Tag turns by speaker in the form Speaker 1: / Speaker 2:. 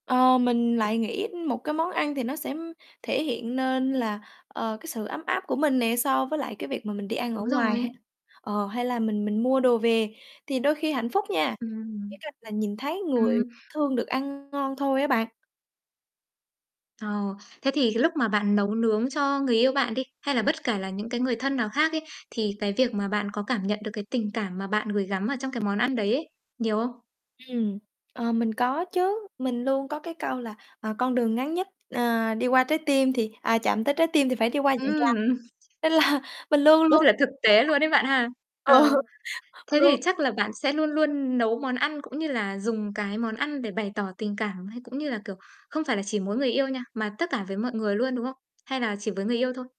Speaker 1: Ờ, mình lại nghĩ một cái món ăn thì nó sẽ thể hiện nên là, ờ, cái sự ấm áp của mình nè, so với lại cái việc mà mình đi ăn ở
Speaker 2: Đúng
Speaker 1: ngoài ha,
Speaker 2: rồi.
Speaker 1: ờ, hay là mình mình mua đồ về. Thì đôi khi hạnh phúc nha, chỉ
Speaker 2: Ừm,
Speaker 1: cần là nhìn thấy người
Speaker 2: ừm.
Speaker 1: thương được ăn ngon thôi á bạn.
Speaker 2: Ờ, thế thì cái lúc mà bạn nấu nướng cho người yêu bạn đi, hay là bất kể là những cái người thân nào khác ấy, thì cái việc mà bạn có cảm nhận được cái tình cảm mà bạn gửi gắm ở trong cái món ăn đấy ấy, nhiều không?
Speaker 1: Ừm, ờ, mình có chứ, mình luôn có cái câu là, ờ, "Con đường ngắn nhất, ờ, đi qua trái tim thì à, chạm tới trái tim thì phải đi qua dạ
Speaker 2: Ưm,
Speaker 1: dày."
Speaker 2: ừm,
Speaker 1: Nên là mình luôn luôn
Speaker 2: rất là thực tế luôn ấy bạn ha.
Speaker 1: ờ,
Speaker 2: Ờ, thế thì
Speaker 1: luôn
Speaker 2: chắc là bạn sẽ luôn luôn nấu món ăn cũng như là dùng cái món ăn để bày tỏ tình cảm, hay cũng như là, kiểu, không phải là chỉ mỗi người yêu nha, mà tất cả với mọi người luôn, đúng không? Hay là chỉ với người yêu thôi?